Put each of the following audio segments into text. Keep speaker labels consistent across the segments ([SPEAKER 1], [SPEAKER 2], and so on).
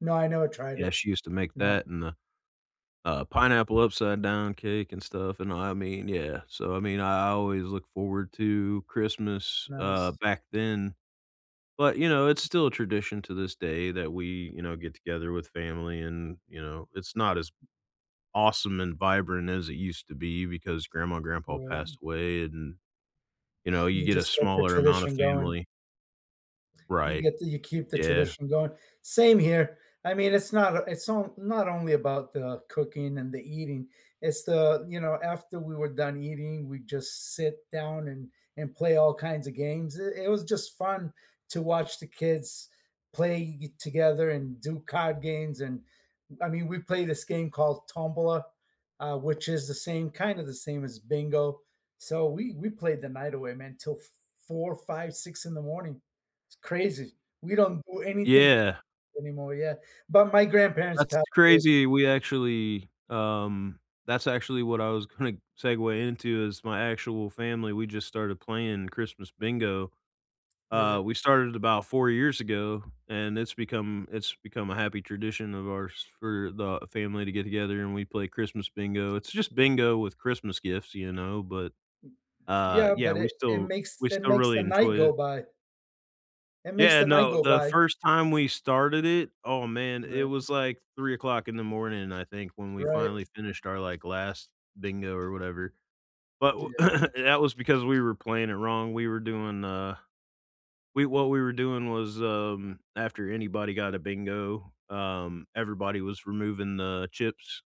[SPEAKER 1] No, I never tried it.
[SPEAKER 2] Yeah, she used to make
[SPEAKER 1] No.
[SPEAKER 2] that, and the, uh, pineapple upside-down cake, and stuff, and I I mean, yeah. So, I mean, I I always look forward to Christmas, uh,
[SPEAKER 1] Nice.
[SPEAKER 2] back then. But, you know, it's still a tradition to this day that we, you know, get together with family and, you know, it's not as awesome and vibrant as it used to be, because grandma and grandpa
[SPEAKER 1] Right.
[SPEAKER 2] passed away and, you know, you
[SPEAKER 1] You
[SPEAKER 2] get a
[SPEAKER 1] just kept the
[SPEAKER 2] smaller amount of
[SPEAKER 1] tradition going.
[SPEAKER 2] family.
[SPEAKER 1] You
[SPEAKER 2] Right.
[SPEAKER 1] get to you keep the
[SPEAKER 2] Yeah.
[SPEAKER 1] tradition going. Same here. I mean, it's not o it's on not on not only about the cooking and the eating, it's the you know, after we were done eating, we just sit down and and play all kinds of games, i it was just fun to watch the kids play it together, and do card games, and I mean, we play this game called Tombola, uh, which is the same kind of the same as bingo. So, we we played the night away, man, 'till f four, 5:00, 6:00 in the morning. It's crazy. We don't do anything
[SPEAKER 2] Yeah.
[SPEAKER 1] anymore, yeah. But my grandparents
[SPEAKER 2] That's
[SPEAKER 1] passed away.
[SPEAKER 2] crazy. We actually, um that's actually what I was gonna segue into is my actual family, we just started playing Christmas bingo. Uh,
[SPEAKER 1] Right.
[SPEAKER 2] we started about 4 years ago, and it's become it's become a happy tradition of ours for the family to get together, and we play Christmas bingo. It's just bingo with Christmas gifts, you know, but, uh,
[SPEAKER 1] Yeah,
[SPEAKER 2] yeah,
[SPEAKER 1] but
[SPEAKER 2] we
[SPEAKER 1] it it
[SPEAKER 2] still
[SPEAKER 1] makes
[SPEAKER 2] we
[SPEAKER 1] it
[SPEAKER 2] still
[SPEAKER 1] makes
[SPEAKER 2] really
[SPEAKER 1] the night
[SPEAKER 2] enjoy
[SPEAKER 1] go
[SPEAKER 2] it.
[SPEAKER 1] by. It makes
[SPEAKER 2] Yeah,
[SPEAKER 1] the night
[SPEAKER 2] no,
[SPEAKER 1] go
[SPEAKER 2] the
[SPEAKER 1] by.
[SPEAKER 2] first time we started it, oh man, it
[SPEAKER 1] Right.
[SPEAKER 2] was like 3:00 in the morning, I think, when we
[SPEAKER 1] Right.
[SPEAKER 2] finally finished our, like, last bingo or whatever. But wh
[SPEAKER 1] Yep.
[SPEAKER 2] that was because we were playing it wrong, we were doing, uh we what we were doing was, um, after anybody got a bingo, um, everybody was removing the chips,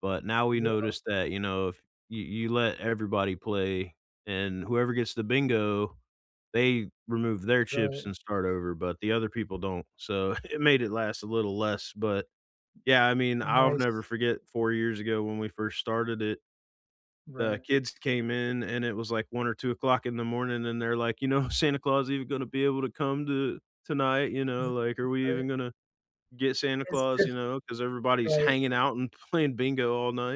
[SPEAKER 2] but now we
[SPEAKER 1] Yep.
[SPEAKER 2] noticed that, you know, if you you let everybody play and whoever gets the bingo, they remove their chips
[SPEAKER 1] Right.
[SPEAKER 2] and start over, but the other people don't. So, it made it last a little less, but, yeah, I mean, I'll never
[SPEAKER 1] Nice.
[SPEAKER 2] forget 4 years ago when we first started it. The
[SPEAKER 1] Right.
[SPEAKER 2] kids came in, and it was like 1:00 or 2:00 in the morning, and they're, like, you know, "Santa Claus even gonna be able to come to tonight." you know,
[SPEAKER 1] You're
[SPEAKER 2] like, "Are we
[SPEAKER 1] right.
[SPEAKER 2] even gonna get Santa
[SPEAKER 1] It's
[SPEAKER 2] Claus?" You
[SPEAKER 1] just
[SPEAKER 2] know, 'cause everybody's
[SPEAKER 1] right.
[SPEAKER 2] hanging out, and playing bingo all night.